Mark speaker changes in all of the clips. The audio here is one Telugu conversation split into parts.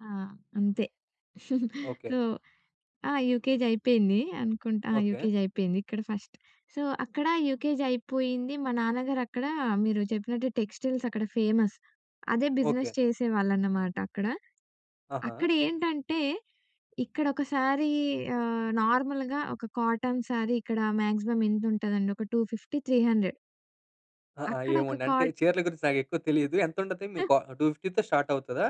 Speaker 1: ఆ! అంతే.
Speaker 2: ఓకే.
Speaker 1: సో ఆ! యూకేజీ అయిపోయింది అనుకుంటా. ఆ!
Speaker 2: ఓకే.
Speaker 1: యూకేజయిపోయింది. ఇక్కడ ఫస్ట్. సో, అక్కడా యూకేజయిపోయింది. మా నాన్నగారు అక్కడా మీరు చెప్పినట్టు టెక్స్‌టైల్సక్కడ ఫేమస్. అదే
Speaker 2: ఓకే.
Speaker 1: బిజినెస్ చేసేవాళ్ళనమాట అక్కడ.
Speaker 2: ఆహా!
Speaker 1: అక్కడ ఏంటంటే, ఇక్కడొకసారీ ఆహ్, నార్మల్‌గా ఒక కాటన్ శారీ ఇక్కడ మాగ్జిమం ఎంతుటుందండి, ఒక 250, 300
Speaker 2: ఆహ్, ఆ!
Speaker 1: అక్కడ
Speaker 2: ఏమో
Speaker 1: ఒక
Speaker 2: అండి. అంటే,
Speaker 1: కాట్
Speaker 2: చీరల గురించి నాకెక్కువ తెలీదు. ఎంతుంటది? మీ కో 250తో స్టార్టవుతదా?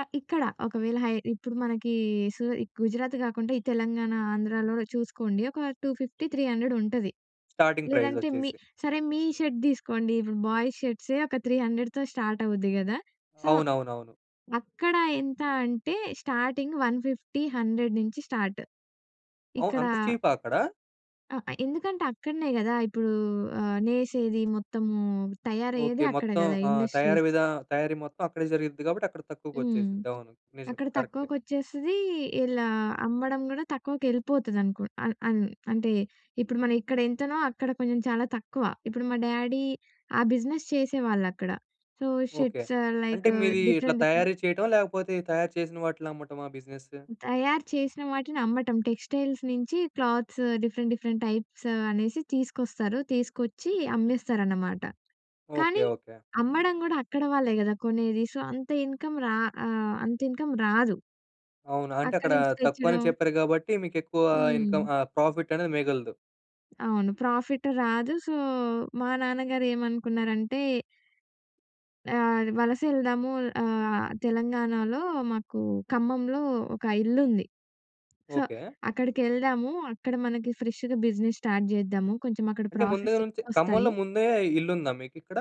Speaker 1: ఆ! ఇక్కడ. ఒకవేళ హై ఇప్పుడు మనకీ సూ ఈ గుజరాత్ కాకుండా, ఈ తెలంగాణ, ఆంధ్రాలో చూసుకోండి ఒక 250, 300 ఉంటది.
Speaker 2: స్టార్టింగ్
Speaker 1: లేదంటే, మీ
Speaker 2: ప్రైజొచ్చేసి.
Speaker 1: సరే మీ షర్ట్ తీసుకోండి, ఇప్పుడు బాయ్స్ షర్ట్సే ఒక 300తో స్టార్టవుద్ది గదా? సో,
Speaker 2: అవునవునవును.
Speaker 1: అక్కడ ఎంత అంటే, స్టార్టింగ్ 150, 100 నించి స్టార్ట్.
Speaker 2: అవ్
Speaker 1: ఇక్కడా
Speaker 2: అంత చీపా అక్కడ?
Speaker 1: ఆ! ఎందుకంటే, అక్కడనే గదా ఇప్పుడూ ఆహ్, నేసేదీ మొత్తమూ
Speaker 2: ఓకే.
Speaker 1: తయారయ్యేది అక్కడ
Speaker 2: మొత్తం
Speaker 1: గదా
Speaker 2: ఆహ్, తయారీ
Speaker 1: ఇండస్ట్రీస్.
Speaker 2: విధా తయారీ మొత్తం అక్కడే జరిగిద్ది గాబట్టి, అక్కడ
Speaker 1: హ్మ్.
Speaker 2: తక్కువకొచ్చేసిద్ది. అవును. నిజం.
Speaker 1: అక్కడ
Speaker 2: కరెక్టే.
Speaker 1: తక్కువకొచ్చేస్తదీ, ఇలా అమ్మడం గూడా తక్కువకెళ్ళిపోతదనుకున్ అన్ అన్ అంటే, ఇప్పుడు మనం ఇక్కడ ఎంతనో, అక్కడ కొంచెం చాలా తక్కువ. ఇప్పుడు మా డ్యాడీ ఆ బిజినెస్ చేసేవాళ్ళక్కడ. So,
Speaker 2: okay.
Speaker 1: షర్ట్స్ ఆహ్,
Speaker 2: అంటే
Speaker 1: లైక్
Speaker 2: మీదీ ఇట్లా
Speaker 1: డిఫరెంట్ డిఫరెంట్
Speaker 2: తయారీ చెయటమా? లేకపోతే, తయారు చేసిన వాటిలినమ్మటమా బిజినెస్?
Speaker 1: హ్మ్. తయారు చేసిన వాటిని అమ్మటం. టెక్స్‌టైల్స్ నించి క్లాత్స్, డిఫరెంట్ డిఫరెంట్ టైప్స్ అనేసి తీసుకొస్తారు. తీసుకొచ్చి, అమ్మేస్తారనమాట,
Speaker 2: ఓకే.
Speaker 1: కానీ
Speaker 2: ఓకే.
Speaker 1: అమ్మడం గూడా అక్కడ వాళ్ళే గదా కొనేది. సో, అంత ఇన్‌కమ్ రా ఆహ్, అంతిన్‌కమ్ రాదు.
Speaker 2: అవును. అంటే,
Speaker 1: అక్కడ
Speaker 2: అక్కడా
Speaker 1: నించి
Speaker 2: తక్కువని
Speaker 1: తెచ్చిడం.
Speaker 2: చెప్పారు గాబట్టి, మీకెక్కువా ఇన్‌కమ్
Speaker 1: హ్మ్.
Speaker 2: ఆహ్, ప్రాఫిట్టనేది మిగలదు.
Speaker 1: అవును. ప్రాఫిట్ రాదు. సో, మా నాన్నగారు ఏమనుకున్నారంటే ఆహ్, అది వలసెళ్దాము. ఆహ్, తెలంగాణలో మాకూ ఖమ్మంలో ఒక ఇల్లుంది. So,
Speaker 2: okay.
Speaker 1: అక్కడికెళ్దాము, అక్కడ మనకి ఫ్రెష్‌గా బిజినెస్ స్టార్ట్ చేద్దాము, కొంచమక్కడ
Speaker 2: అంటే, ముందుగల
Speaker 1: ప్రాఫిట్స్
Speaker 2: నుంచి,
Speaker 1: ఎక్కువొస్తాయి.
Speaker 2: ఖమ్మంలో ముందే ఇల్లుందా మీకిక్కడ?